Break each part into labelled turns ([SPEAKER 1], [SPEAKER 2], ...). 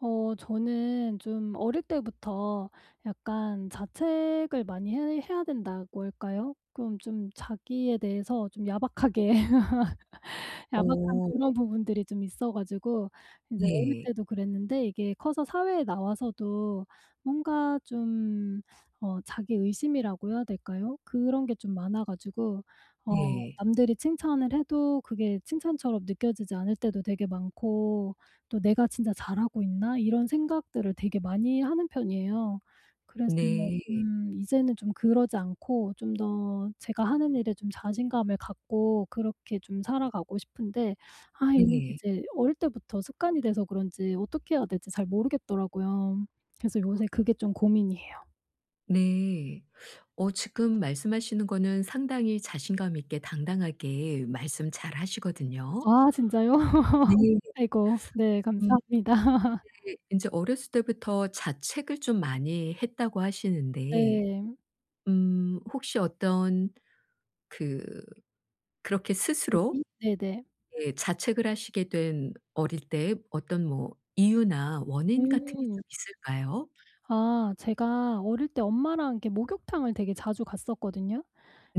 [SPEAKER 1] 어 저는 좀 어릴 때부터 약간 자책을 많이 해 해야 된다고 할까요? 그럼 좀 자기에 대해서 좀 야박하게 야박한
[SPEAKER 2] 어.
[SPEAKER 1] 그런 부분들이 좀 있어 가지고 이제 어릴
[SPEAKER 2] 네.
[SPEAKER 1] 때도 그랬는데 이게 커서 사회에 나와서도 뭔가 좀 어 자기 의심이라고 해야 될까요? 그런 게 좀 많아 가지고 어
[SPEAKER 2] 네.
[SPEAKER 1] 남들이 칭찬을 해도 그게 칭찬처럼 느껴지지 않을 때도 되게 많고 또 '내가 진짜 잘하고 있나?' 이런 생각들을 되게 많이 하는 편이에요. 그래서
[SPEAKER 2] 네.
[SPEAKER 1] 좀 이제는 좀 그러지 않고 좀 더 제가 하는 일에 좀 자신감을 갖고 그렇게 좀 살아가고 싶은데 아 이런 게
[SPEAKER 2] 네.
[SPEAKER 1] 제 어릴 때부터 습관이 돼서 그런지 어떻게 해야 될지 잘 모르겠더라고요. 그래서 요새 그게 좀 고민이에요.
[SPEAKER 2] 네. 어 지금 말씀하시는 거는 상당히 자신감있게 당당하게 말씀 잘 하시거든요.
[SPEAKER 1] 아 진짜요?
[SPEAKER 2] 네.
[SPEAKER 1] 아이고. 네
[SPEAKER 2] 음.
[SPEAKER 1] 감사합니다.
[SPEAKER 2] 이게 인제 어렸을 때부터 자책을 좀 많이 했다고 하시는데
[SPEAKER 1] 네.
[SPEAKER 2] 음 혹시 어떤 그 그렇게 스스로
[SPEAKER 1] [unintelligible] 네네.
[SPEAKER 2] 예 자책을 하시게 된 어릴 때의 어떤 뭐 이유나 원인 같은 게 좀
[SPEAKER 1] 음.
[SPEAKER 2] 있을까요?
[SPEAKER 1] 아 제가 어릴 때 엄마랑 이렇게 목욕탕을 되게 자주 갔었거든요.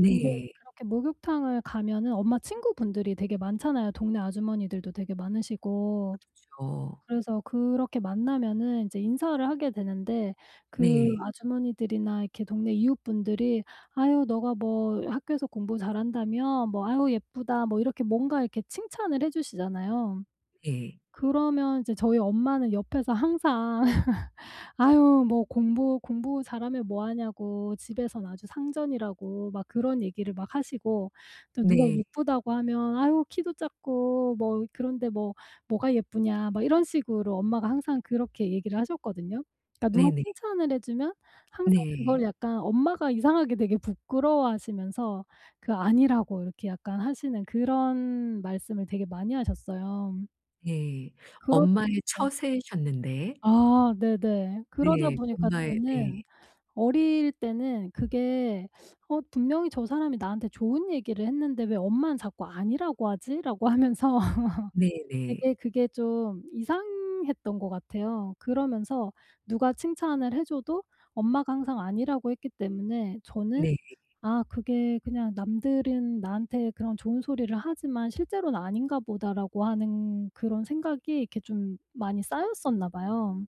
[SPEAKER 1] 근데 그렇게 목욕탕을 가면은 엄마 친구분들이 되게 많잖아요, 동네 아주머니들도 되게 많으시고.
[SPEAKER 2] 그렇죠.
[SPEAKER 1] 그래서 그렇게 만나면은 이제 인사를 하게 되는데 그
[SPEAKER 2] 네.
[SPEAKER 1] 아주머니들이나 이렇게 동네 이웃분들이 "아유 너가 뭐 학교에서 공부 잘한다며? 뭐 아유 예쁘다." 뭐 이렇게 뭔가 이렇게 칭찬을 해 주시잖아요.
[SPEAKER 2] 네.
[SPEAKER 1] 그러면 이제 저희 엄마는 옆에서 항상 "아유 뭐 공부 공부 잘하면 뭐하냐고 집에선 아주 상전이라고." 막 그런 얘기를 막 하시고 또 누가
[SPEAKER 2] 네.
[SPEAKER 1] 예쁘다고 하면 "아유 키도 작고 뭐 그런데 뭐 뭐가 예쁘냐?" 막 이런 식으로 엄마가 항상 그렇게 얘기를 하셨거든요. 그러니까 누가
[SPEAKER 2] 네네.
[SPEAKER 1] 칭찬을 해주면 항상 그걸
[SPEAKER 2] 네.
[SPEAKER 1] 약간 엄마가 이상하게 되게 부끄러워 하시면서 그 아니라고 이렇게 약간 하시는 그런 말씀을 되게 많이 하셨어요.
[SPEAKER 2] 예.
[SPEAKER 1] 그러다
[SPEAKER 2] 엄마의
[SPEAKER 1] 보니까
[SPEAKER 2] 처세셨는데
[SPEAKER 1] 아 네네. 그러다
[SPEAKER 2] 네.
[SPEAKER 1] 보니까
[SPEAKER 2] 엄마의 네.
[SPEAKER 1] 저는 어릴 때는 그게 '어 분명히 저 사람이 나한테 좋은 얘기를 했는데 왜 엄마는 자꾸 아니라고 하지?'라고 하면서
[SPEAKER 2] 네네.
[SPEAKER 1] 되게 그게 좀 이상했던 것 같아요. 그러면서 누가 칭찬을 해 줘도 엄마가 항상 아니라고 했기 때문에 저는
[SPEAKER 2] 네.
[SPEAKER 1] '아 그게 그냥 남들은 나한테 그런 좋은 소리를 하지만 실제로는 아닌가 보다.'라고 하는 그런 생각이 이렇게 좀 많이 쌓였었나 봐요.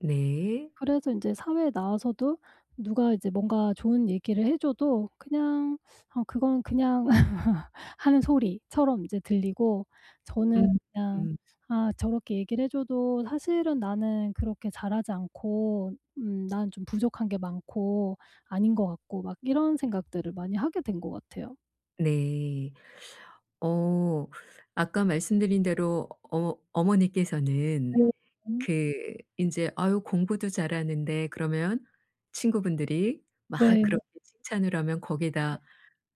[SPEAKER 2] 네.
[SPEAKER 1] 그래서 인제 사회에 나와서도 누가 이제 뭔가 좋은 얘기를 해 줘도 그냥 어 그건 그냥 하는 소리처럼 이제 들리고 저는
[SPEAKER 2] 음
[SPEAKER 1] 그냥
[SPEAKER 2] 음.
[SPEAKER 1] '아 저렇게 얘기를 해 줘도 사실은 나는 그렇게 잘하지 않고 음 난 좀 부족한 게 많고, 아닌 것 같고.' 막 이런 생각들을 많이 하게 된 것 같아요.
[SPEAKER 2] 네. 어 아까 말씀드린 대로 어머 어머니께서는
[SPEAKER 1] [unintelligible]
[SPEAKER 2] 그 인제 "아유 공부도 잘하는데." 그러면 친구분들이 막
[SPEAKER 1] 네.
[SPEAKER 2] 그렇게 칭찬을 하면
[SPEAKER 1] 네.
[SPEAKER 2] 거기다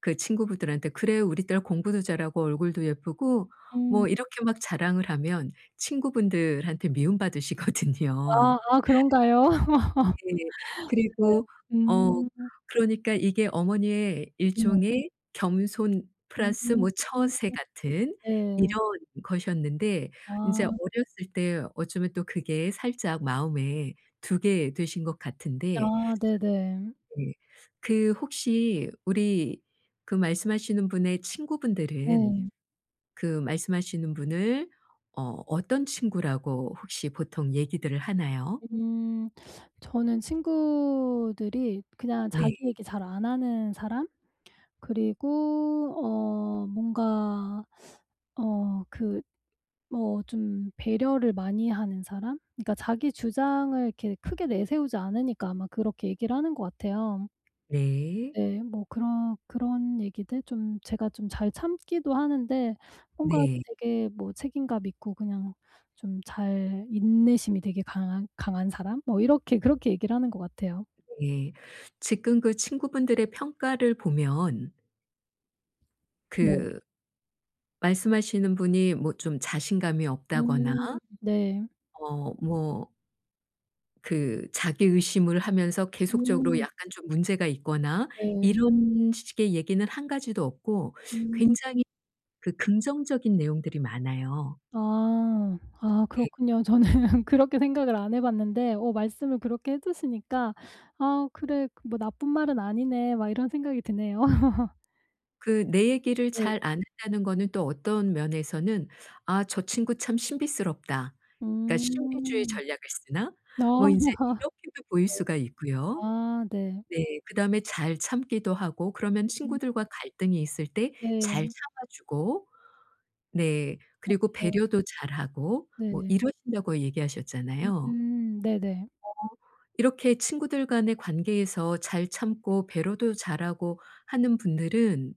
[SPEAKER 2] 그 친구분들한테 "그래. 우리 딸 공부도 잘하고 얼굴도 예쁘고"
[SPEAKER 1] 음.
[SPEAKER 2] 뭐 이렇게 막 자랑을 하면 친구분들한테 미움 받으시거든요.
[SPEAKER 1] 아 아 그런가요?
[SPEAKER 2] 네. 그리고
[SPEAKER 1] 네
[SPEAKER 2] 어
[SPEAKER 1] 음.
[SPEAKER 2] 그러니까 이게 어머니의
[SPEAKER 1] 네.
[SPEAKER 2] 일종의 겸손
[SPEAKER 1] 음
[SPEAKER 2] 플러스 뭐 처세 같은 이런
[SPEAKER 1] 네.
[SPEAKER 2] 것이었는데 이제
[SPEAKER 1] 아.
[SPEAKER 2] 어렸을 때 어쩌면 또 그게 살짝 마음에 두게 되신 것 같은데
[SPEAKER 1] 아 네네.
[SPEAKER 2] 네. 그 혹시 우리 그 말씀하시는 분의 친구분들은
[SPEAKER 1] 네.
[SPEAKER 2] 그 말씀하시는 분을 어 어떤 친구라고 혹시 보통 얘기들을 하나요?
[SPEAKER 1] 음 저는 친구들이 그냥
[SPEAKER 2] 네.
[SPEAKER 1] 자기 얘기 잘 안 하는 사람? 그리고 어 뭔가 어 그 뭐 좀 배려를 많이 하는 사람? 그러니까 자기 주장을 이렇게 크게 내세우지 않으니까 아마 그렇게 얘기를 하는 것 같아요.
[SPEAKER 2] 네.
[SPEAKER 1] 네 뭐 그런-그런 얘기들 좀 제가 좀 잘 참기도 하는데 뭔가
[SPEAKER 2] 네.
[SPEAKER 1] 되게 뭐 책임감 있고 그냥 좀 잘 인내심이 되게 강한 강한 사람? 뭐 이렇게 그렇게 얘기를 하는 것 같아요.
[SPEAKER 2] 예. 지금 그 친구분들의 평가를 보면
[SPEAKER 1] 네.
[SPEAKER 2] 그 말씀하시는 분이 뭐 좀 자신감이 없다거나
[SPEAKER 1] 음 네.
[SPEAKER 2] 어 뭐 그 자기 의심을 하면서 계속적으로
[SPEAKER 1] 음.
[SPEAKER 2] 약간 좀 문제가 있거나
[SPEAKER 1] 네.
[SPEAKER 2] 이런 식의 얘기는 1 가지도 없고
[SPEAKER 1] 음.
[SPEAKER 2] 굉장히 그 긍정적인 내용들이 많아요.
[SPEAKER 1] 아 아
[SPEAKER 2] 네.
[SPEAKER 1] 그렇군요. 저는 그렇게 생각을 안 해봤는데 어 말씀을 그렇게 해 주시니까 '아 그래 그 뭐 나쁜 말은 아니네.' 막 이런 생각이 드네요.
[SPEAKER 2] 그 내 얘기를
[SPEAKER 1] 네.
[SPEAKER 2] 잘 안 한다는 거는 또 어떤 면에서는 '아 저 친구 참 신비스럽다.' 그러니까 '신비주의
[SPEAKER 1] 음.
[SPEAKER 2] 전략을 쓰나?' 뭐 인제
[SPEAKER 1] 네.
[SPEAKER 2] 이렇게도 보일 수가 있고요.
[SPEAKER 1] 아 네.
[SPEAKER 2] 네 그다음에 잘 참기도 하고 그러면
[SPEAKER 1] 음.
[SPEAKER 2] 친구들과 갈등이 있을 때 잘
[SPEAKER 1] 네.
[SPEAKER 2] 참아 주고. 네 그리고
[SPEAKER 1] 맞아요.
[SPEAKER 2] 배려도 잘하고 뭐
[SPEAKER 1] 네.
[SPEAKER 2] 이러신다고 얘기하셨잖아요.
[SPEAKER 1] 음, 네네.
[SPEAKER 2] 어 이렇게 친구들 간의 관계에서 잘 참고 배려도 잘하고 하는 분들은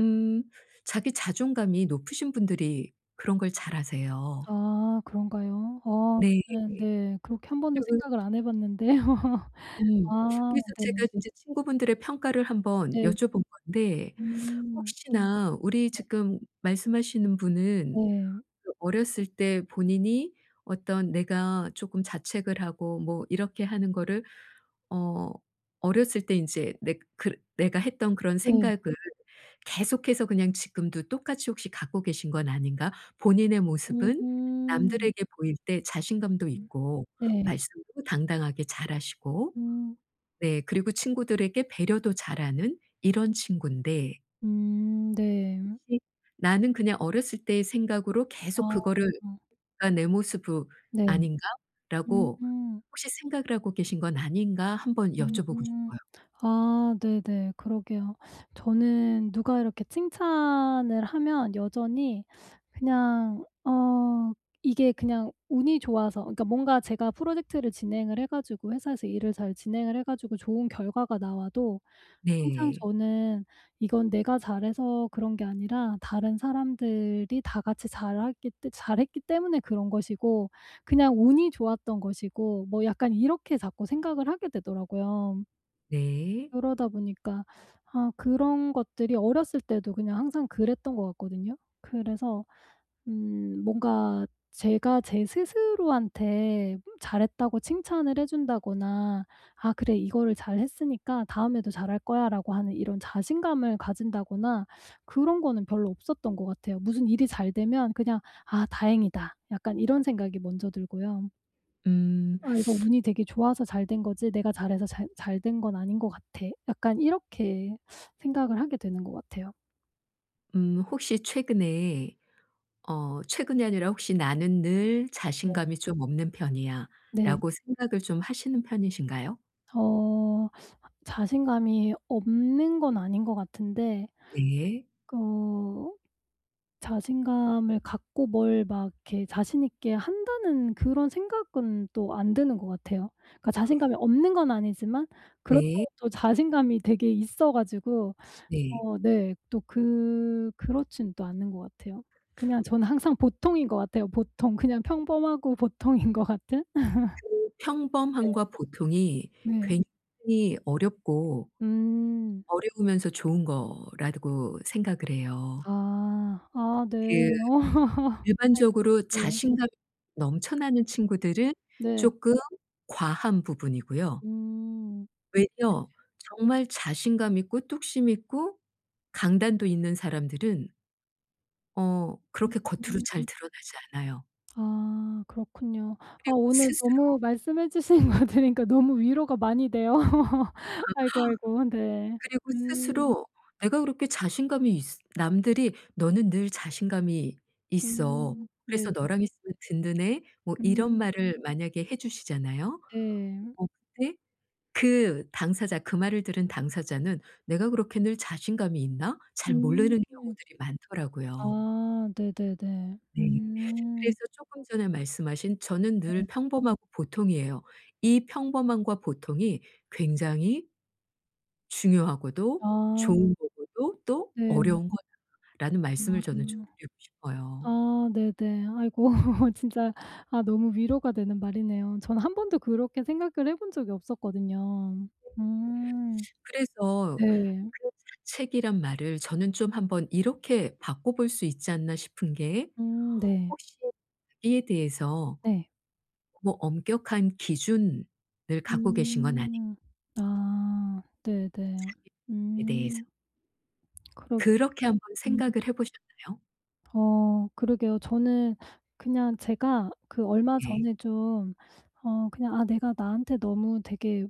[SPEAKER 2] 음 자기 자존감이 높으신 분들이 그런 걸 잘하세요.
[SPEAKER 1] 아 그런가요? 어
[SPEAKER 2] 네.
[SPEAKER 1] 그건 네. 그렇게 1 번도
[SPEAKER 2] [unintelligible]
[SPEAKER 1] 생각을 안 해 봤는데요.
[SPEAKER 2] 음
[SPEAKER 1] 아
[SPEAKER 2] 그래서
[SPEAKER 1] 네.
[SPEAKER 2] 제가 진짜 친구분들의 평가를 1 번
[SPEAKER 1] 네.
[SPEAKER 2] 여쭤본 건데
[SPEAKER 1] 음.
[SPEAKER 2] 혹시나 우리
[SPEAKER 1] 네.
[SPEAKER 2] 지금 말씀하시는 분은
[SPEAKER 1] 네.
[SPEAKER 2] 그 어렸을 때 본인이 어떤 내가 조금 자책을 하고 뭐 이렇게 하는 거를 어 어렸을 때 인제 내가 그랬 내가 했던 그런
[SPEAKER 1] 네.
[SPEAKER 2] 생각을 계속해서 그냥 지금도 똑같이 혹시 갖고 계신 건 아닌가? 본인의 모습은
[SPEAKER 1] 음.
[SPEAKER 2] 남들에게 보일 때 자신감도 있고
[SPEAKER 1] 네.
[SPEAKER 2] 말씀도 당당하게 잘하시고
[SPEAKER 1] 음.
[SPEAKER 2] 네 그리고 친구들에게 배려도 잘하는 이런 친구인데
[SPEAKER 1] 음 네.
[SPEAKER 2] 혹시 나는 그냥 어렸을 때의 생각으로 계속
[SPEAKER 1] 어.
[SPEAKER 2] 그거를 그러니까 '내 모습으
[SPEAKER 1] 네. 음.
[SPEAKER 2] 아닌가?'라고 혹시 생각을 하고 계신 건 아닌가 1 번 여쭤보고
[SPEAKER 1] 음.
[SPEAKER 2] 싶어요.
[SPEAKER 1] 아 네네. 그러게요. 저는 누가 이렇게 칭찬을 하면 여전히 그냥 어 이게 그냥 운이 좋아서 그러니까 뭔가 제가 프로젝트를 진행을 해 가지고 회사에서 일을 잘 진행을 해 가지고 좋은 결과가 나와도 항상
[SPEAKER 2] 네.
[SPEAKER 1] 저는 '이건 내가 잘해서 그런 게 아니라 다른 사람들이 다 같이 잘하기 때 잘했기 때문에 그런 것이고 그냥 운이 좋았던 것이고' 뭐 약간 이렇게 자꾸 생각을 하게 되더라고요.
[SPEAKER 2] 네.
[SPEAKER 1] 그러다 보니까 아 그런 것들이 어렸을 때도 그냥 항상 그랬던 것 같거든요. 그래서 음 뭔가 제가 제 스스로한테 잘했다고 칭찬을 해 준다거나 '아 그래. 이거를 잘했으니까 다음에도 잘할 거야.'라고 하는 이런 자신감을 가진다거나 그런 거는 별로 없었던 것 같아요. 무슨 일이 잘 되면 그냥 '아 다행이다.' 약간 이런 생각이 먼저 들고요.
[SPEAKER 2] 음.
[SPEAKER 1] '아 이거 운이 되게 좋아서 잘된 거지, 내가 잘해서 잘 잘 된 건 아닌 것 같아.' 약간 이렇게 생각을 하게 되는 것 같아요.
[SPEAKER 2] 음. 혹시 최근에 어 최근이 아니라 혹시 '나는 늘
[SPEAKER 1] 네.
[SPEAKER 2] 자신감이 좀 없는
[SPEAKER 1] 네.
[SPEAKER 2] 편이야.'라고 생각을 좀 하시는 편이신가요?
[SPEAKER 1] 어 자신감이 없는 건 아닌 것 같은데
[SPEAKER 2] 네.
[SPEAKER 1] 어 자신감을 갖고 뭘 막 이렇게 자신 있게 한다는 그런 생각은 또 안 드는 것 같아요. 그러니까 자신감이 없는 건 아니지만
[SPEAKER 2] 네.
[SPEAKER 1] 그렇다고 또 자신감이 되게 있어 가지고
[SPEAKER 2] 네.
[SPEAKER 1] 어 네 또 그 그렇진 또 않은 것 같아요. 그냥 저는 항상 보통인 것 같아요, 보통. 그냥 평범하고 보통인 것 같은?.
[SPEAKER 2] 그 그
[SPEAKER 1] 네.
[SPEAKER 2] 평범함과 보통이
[SPEAKER 1] 네.
[SPEAKER 2] 굉장히 어렵고,
[SPEAKER 1] 음.
[SPEAKER 2] 어려우면서 좋은 거라고 생각을 해요.
[SPEAKER 1] 아. 아 네.
[SPEAKER 2] 그
[SPEAKER 1] 아이고.
[SPEAKER 2] 일반적으로
[SPEAKER 1] 네.
[SPEAKER 2] 자신감이 넘쳐나는
[SPEAKER 1] 음.
[SPEAKER 2] 친구들은
[SPEAKER 1] 네.
[SPEAKER 2] 쪼끔 과한 부분이고요.
[SPEAKER 1] 음. 네.
[SPEAKER 2] 외려 정말 자신감 있고 뚝심 있고 강단도 있는 사람들은 어 그렇게 겉으로 잘
[SPEAKER 1] 음.
[SPEAKER 2] 드러나지 않아요.
[SPEAKER 1] 아. 그렇군요. 아
[SPEAKER 2] 그리고
[SPEAKER 1] 오늘
[SPEAKER 2] 스스로
[SPEAKER 1] 너무 말씀해 주신 거 들으니까 너무 위로가 많이 돼요. 아이고, 아이고. 네.
[SPEAKER 2] 그리고
[SPEAKER 1] 음.
[SPEAKER 2] 스스로 내가 그렇게 자신감이 있으 남들이 "너는 늘 자신감이 있어.
[SPEAKER 1] 음. 네.
[SPEAKER 2] 그래서 너랑 있으면 든든해." 뭐 이런
[SPEAKER 1] 음.
[SPEAKER 2] 말을 만약에 해 주시잖아요?
[SPEAKER 1] 네.
[SPEAKER 2] 어 근데 그 당사자, 그 말을 들은 당사자는 '내가 그렇게 늘 자신감이 있나?' 잘
[SPEAKER 1] 음.
[SPEAKER 2] 모르는 경우들이 많더라고요.
[SPEAKER 1] 아. 네네네.
[SPEAKER 2] 네.
[SPEAKER 1] 음.
[SPEAKER 2] 그래서 쪼끔 전에 말씀하신 "저는
[SPEAKER 1] 네.
[SPEAKER 2] 늘 평범하고 보통이에요.", "이 평범함과 보통이 굉장히 중요하고도
[SPEAKER 1] 아.
[SPEAKER 2] 좋은 거고도 또
[SPEAKER 1] 네.
[SPEAKER 2] 어려운 거다."라는 말씀을
[SPEAKER 1] 아.
[SPEAKER 2] 저는 좀 드리고 싶어요.
[SPEAKER 1] 아 네네. 아이고 진짜 아 너무 위로가 되는 말이네요. 저는 1 번도 그렇게 생각을 해 본 적이 없었거든요.
[SPEAKER 2] [unintelligible]
[SPEAKER 1] 음.
[SPEAKER 2] 그래서
[SPEAKER 1] 네.
[SPEAKER 2] 그 자책이란 말을 저는 좀 '1 번 이렇게 바꿔 볼 수 있지 않나.' 싶은 게
[SPEAKER 1] 음 네.
[SPEAKER 2] 혹시 자기에 대해서
[SPEAKER 1] 네.
[SPEAKER 2] 뭐 엄격한 기준을 갖고 계신 건 아닌
[SPEAKER 1] 음. 아. 네네.
[SPEAKER 2] 자기에 대해서.
[SPEAKER 1] 음. 그러
[SPEAKER 2] 그렇게 한번
[SPEAKER 1] 음.
[SPEAKER 2] 생각을 해 보셨나요?
[SPEAKER 1] 어 그러게요. 저는 그냥 제가 그 얼마
[SPEAKER 2] 네.
[SPEAKER 1] 전에 좀 어 그냥 '아 내가 나한테 너무 되게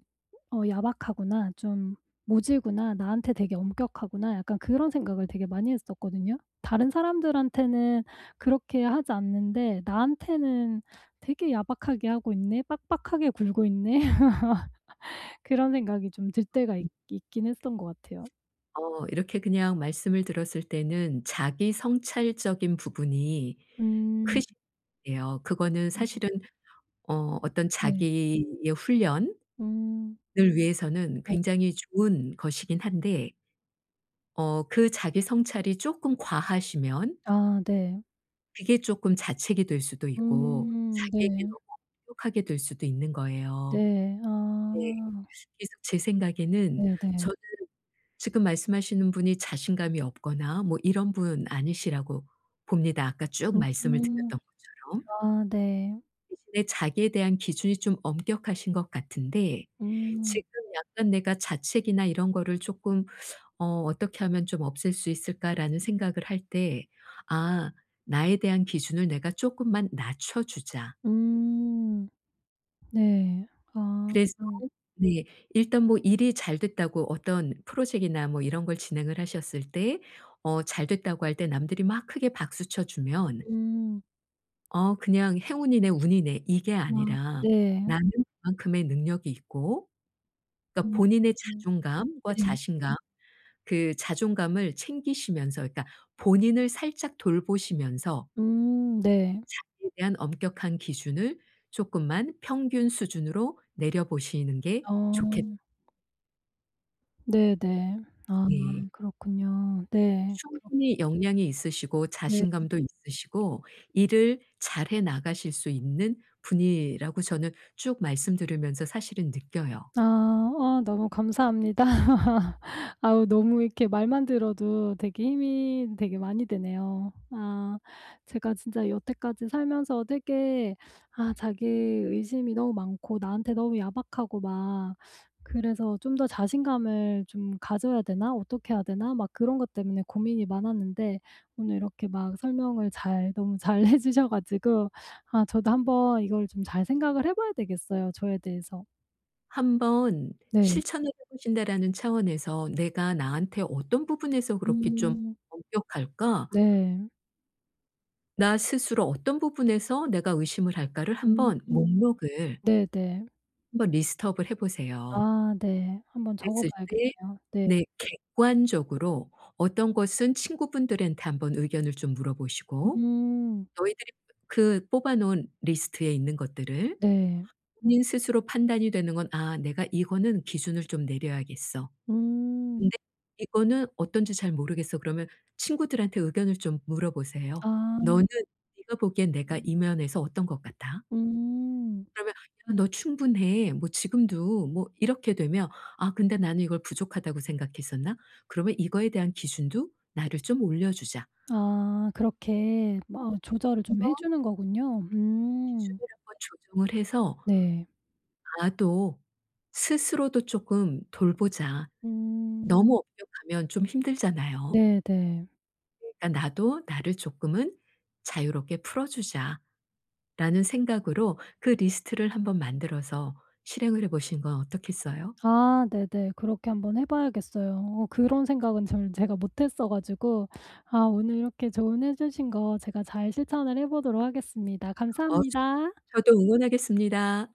[SPEAKER 1] 어 야박하구나, 좀 모질구나, 나한테 되게 엄격하구나.' 약간 그런 생각을 되게 많이 했었거든요. '다른 사람들한테는 그렇게 하지 않는데 나한테는 되게 야박하게 하고 있네, 빡빡하게 굴고 있네.' 그런 생각이 좀 들 때가 있 있긴 했었던 것 같아요.
[SPEAKER 2] 어 이렇게 그냥 말씀을 들었을 때는 자기 성찰적인 부분이
[SPEAKER 1] 음.
[SPEAKER 2] 크시 [unintelligible] 예요. 그거는
[SPEAKER 1] 음.
[SPEAKER 2] 사실은 어 어떤
[SPEAKER 1] 네.
[SPEAKER 2] 자기의 훈련을
[SPEAKER 1] 음.
[SPEAKER 2] 위해서는
[SPEAKER 1] 네.
[SPEAKER 2] 굉장히 좋은 것이긴 한데 어 그 자기 성찰이 쪼끔 과하시면
[SPEAKER 1] 아 네.
[SPEAKER 2] 그게 쪼끔 자책이 될 수도 있고
[SPEAKER 1] 음
[SPEAKER 2] 자기에게
[SPEAKER 1] 네.
[SPEAKER 2] 너무 엄격하게 될 수도 있는 거예요.
[SPEAKER 1] 네
[SPEAKER 2] 네.
[SPEAKER 1] 아.
[SPEAKER 2] 그래서 제 생각에는
[SPEAKER 1] 네네.
[SPEAKER 2] 저는 지금 말씀하시는 분이 자신감이 없거나 뭐 이런 분 아니시라고 봅니다. 아까 쭉 말씀을
[SPEAKER 1] 음.
[SPEAKER 2] 드렸던 것처럼.
[SPEAKER 1] 아 네.
[SPEAKER 2] 대신에 자기에 대한 기준이 좀 엄격하신 것 같은데
[SPEAKER 1] 음.
[SPEAKER 2] '지금 약간 내가 자책이나 이런 거를 쪼끔 어 어떻게 하면 좀 없앨 수 있을까' 라는 생각을 할 때 '아 나에 대한 기준을 내가 쪼끔만 낮춰 주자.'
[SPEAKER 1] 음 네. 아.
[SPEAKER 2] 그래서 네. 일단 뭐 일이 잘 됐다고 어떤 Project이나 뭐 이런 걸 진행을 하셨을 때 어 “잘 됐다.”고 할 때 남들이 막 크게 박수 쳐 주면
[SPEAKER 1] 음.
[SPEAKER 2] '어 그냥 행운이네. 운이네.' 이게
[SPEAKER 1] 아
[SPEAKER 2] 아니라
[SPEAKER 1] 네.
[SPEAKER 2] 나는 그만큼의 능력이 있고 그러니까
[SPEAKER 1] 음
[SPEAKER 2] 본인의
[SPEAKER 1] 음
[SPEAKER 2] 자존감과
[SPEAKER 1] 네.
[SPEAKER 2] 자신감 그 자존감을 챙기시면서 그러니까 본인을 살짝 돌보시면서
[SPEAKER 1] 음 네.
[SPEAKER 2] 자기에 대한 엄격한 기준을 쪼끔만 평균 수준으로 내려 보시는 게
[SPEAKER 1] 어.
[SPEAKER 2] 좋겠
[SPEAKER 1] 네네. 아
[SPEAKER 2] 네.
[SPEAKER 1] 그렇군요. 네. 그렇게
[SPEAKER 2] 충분히 역량이 있으시고
[SPEAKER 1] 네.
[SPEAKER 2] 자신감도 있으시고 일을 잘해 나가실 수 있는 분이라고 저는 쭉 말씀 들으면서 사실은 느껴요.
[SPEAKER 1] 아. 어 너무 감사합니다. 아우 너무 이렇게 말만 들어도 되게 힘이 되게 많이 되네요. 아. 제가 진짜 여태까지 살면서 되게 아 자기 의심이 너무 많고 나한테 너무 야박하고 막 그래서 '좀 더 자신감을 좀 가져야 되나? 어떻게 해야 되나?' 막 그런 것 때문에 고민이 많았는데, 오늘 이렇게 막 설명을 잘 너무 잘 해 주셔 가지고 아 저도 한번 이걸 좀 잘 생각을 해 봐야 되겠어요, 저에 대해서.
[SPEAKER 2] '한번
[SPEAKER 1] 네.
[SPEAKER 2] 실천을 해 보신다.'라는 차원에서 '내가 나한테 어떤 부분에서 그렇게 좀
[SPEAKER 1] 음.
[SPEAKER 2] 엄격할까?'
[SPEAKER 1] 네.
[SPEAKER 2] '나 스스로 어떤 부분에서 내가 의심을 할까?'를
[SPEAKER 1] 음.
[SPEAKER 2] 한번 목록을
[SPEAKER 1] 네네.
[SPEAKER 2] 한번 리스트 업을 해 보세요.
[SPEAKER 1] 아 네. 한번 적어
[SPEAKER 2] 그랬을 때
[SPEAKER 1] 봐야겠네요. 네.
[SPEAKER 2] 네, 객관적으로 어떤 것은 친구분들한테 한번 의견을 좀 물어 보시고
[SPEAKER 1] 음.
[SPEAKER 2] 너희들이 그 뽑아 놓은 리스트에 있는 것들을
[SPEAKER 1] 네.
[SPEAKER 2] 본인 스스로 판단이 되는 건 ‘아. 내가 이거는 기준을 좀 내려야겠어.
[SPEAKER 1] 음.
[SPEAKER 2] 근데 이거는 어떤지 잘 모르겠어.' 그러면 친구들한테 의견을 좀 물어 보세요.
[SPEAKER 1] 아.
[SPEAKER 2] "너는 네가 보기엔 내가 이 면에서 어떤 것 같아?"
[SPEAKER 1] 음.
[SPEAKER 2] 그러면 "야. 너 충분해. 뭐 지금도." 뭐 이렇게 되면 '아. 근데 나는 이걸 부족하다고 생각했었나? 그러면 이거에 대한 기준도 나를 좀 올려주자.'
[SPEAKER 1] 아. 그렇게? 뭐 어
[SPEAKER 2] 이렇게
[SPEAKER 1] 조절을 좀
[SPEAKER 2] 한번
[SPEAKER 1] 해 주는 거군요. 음.
[SPEAKER 2] 기준을 한번 조정을 해서
[SPEAKER 1] 네.
[SPEAKER 2] '나도 스스로도 쪼끔 돌보자.'
[SPEAKER 1] 음.
[SPEAKER 2] 너무 엄격하면 좀 힘들잖아요.
[SPEAKER 1] 네네.
[SPEAKER 2] 그러니까 '나도 나를 조금은 자유롭게 풀어 주자.'라는 생각으로 그 리스트를 한번 만들어서 실행을 해 보시는 건 어떻겠어요?
[SPEAKER 1] 아 네네. 그렇게 한번 해 봐야겠어요. 어 그런 생각은 저는 제가 못했어 가지고 아 오늘 이렇게 조언해 주신 거 제가 잘 실천을 해 보도록 하겠습니다.
[SPEAKER 2] 어 저
[SPEAKER 1] 감사합니다.
[SPEAKER 2] 저도 응원하겠습니다.